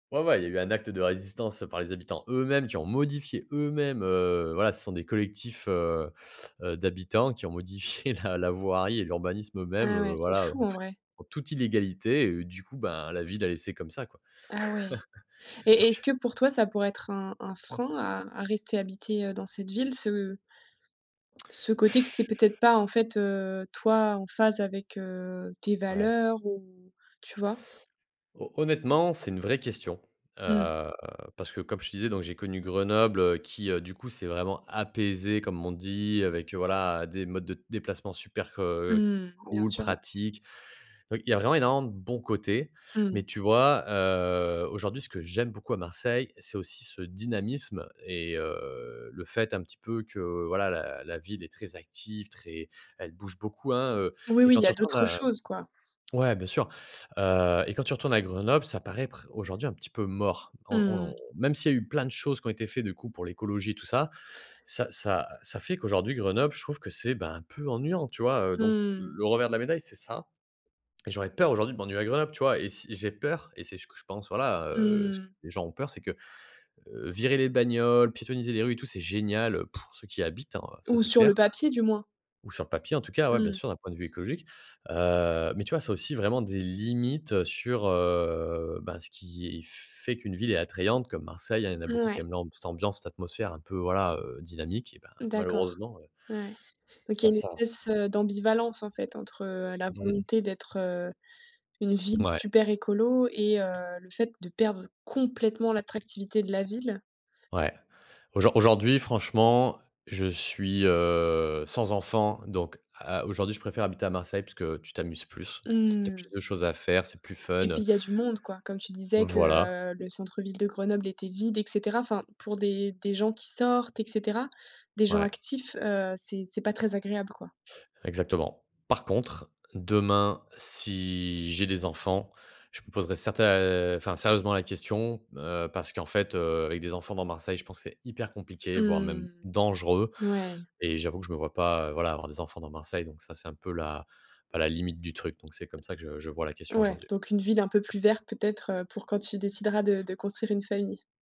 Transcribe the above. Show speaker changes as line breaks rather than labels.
Ouais, ouais, il y a eu un acte de résistance, heu, par les habitants eux-mêmes, qui ont modifié eux-mêmes, heu, voilà, ce sont des collectifs, heu, heu, d'habitants qui ont modifié la la voirie et l'urbanisme eux-mêmes,
Ah, ouais.
heu,
C'est
voilà, heu,
fou,
en
en
toute
vrai.
en toute illégalité, du coup, ben, la ville a laissé comme ça, quoi.
Ah, ouais! Et est-ce que,
Donc
pour toi, ça pourrait être un un frein à à rester habiter, heu, dans cette ville? Ce ce côté que c'est peut-être pas, en fait, heu, toi, en phase avec, heu, tes
Ouais.
valeurs ou tu vois?
Ho honnêtement, c'est une vraie question,
Mmh.
heu, parce que, comme je te disais, donc, j'ai connu Grenoble qui, heu, du coup, s'est vraiment apaisé, comme on dit, avec, heu, voilà, des modes de déplacement super, heu,
Mmh mh. Bien
cools,
sûr.
pratiques. Heu, il y a vraiment énormément de bons côtés.
Mmh.
Mais tu vois, heu, aujourd'hui, ce que j'aime beaucoup à Marseille, c'est aussi ce dynamisme et heu, le fait, un petit peu, que, voilà, la la ville est très active, très elle bouge beaucoup, hein, heu
Oui,
et
oui, il
quand
y
tu
a
retournes
d'autres
à
choses, quoi.
ouais, bien sûr. Heu et quand tu retournes à Grenoble, ça paraît pr aujourd'hui, un petit peu mort. On
Mmh
on
mh.
même s'il y a eu plein de choses qui ont été faits, du coup, pour l'écologie, tout ça, ça ça ça fait qu'aujourd'hui, Grenoble, je trouve que c'est, ben, un peu ennuyant, tu vois? Heu, donc,
Mmh.
le revers de la médaille, c'est ça et j'aurais peur aujourd'hui de m'ennuyer à Grenoble, tu vois? Et si j'ai peur et c'est ce que je pense, voilà, heu, s
Mmh.
les gens ont peur, c'est que, heu, virer les bagnoles, piétonniser les rues et tout, c'est génial, heu, pour ceux qui habitent, hein, ça,
Ou
c'est
sur le
clair.
papier, du moins.
Ou sur le papier, en tout cas, ouais, bien
Mmh.
sûr, d'un point de vue écologique. Heu, mais tu vois, c'est aussi vraiment des limites sur, heu, bah, ce qui f fait qu'une ville est attrayante comme Marseille, hein. Il y en a beaucoup qui
Mouais.
aiment l'amb cette ambiance, cette atmosphère un peu, voilà, heu, dynamique. Eh ben,
D'accord,
malheureusement, heu
ouais. Donc, il
ça
y a une
ça
espèce,
voilà.
heu, d'ambivalence, en fait, entre, heu, la
Mmh.
volonté d'être, heu, une ville
Ouais.
super écolo et heu, le fait de perdre complètement l'attractivité de la ville?
Ouais, aujo aujourd'hui, franchement, je suis, heu, sans enfant, donc, heu, aujourd'hui, je préfère habiter à Marseille, puisque tu t'amuses plus. T tu as plus
Mmh!
de choses à faire, c'est plus fun,
Et puis,
heu
il y a du monde, quoi. Comme tu disais, que,
Voilà.
heu, le centre-ville de Grenoble était vide et cetera, enfin, pour des des gens qui sortent et cetera, des gens
Ouais.
actifs, heu, c'est c'est pas très agréable, quoi.
Exactement. Par contre, demain, si j'ai des enfants, je me poserais certai enfin, sérieusement, la question, heu, parce qu'en fait, heu, avec des enfants dans Marseille, je pense que c'est hyper compliqué, voire même
Mmh.
dangereux
N ouais!
et j'avoue que je me vois pas, voilà, avoir des enfants dans Marseille. Donc ça, c'est un peu la à la limite du truc. Donc, c'est comme ça que je je vois la question
Ouais,
aujourd'hui.
donc une ville un peu plus verte, peut-être, heu, pour quand tu décideras de de construire une famille.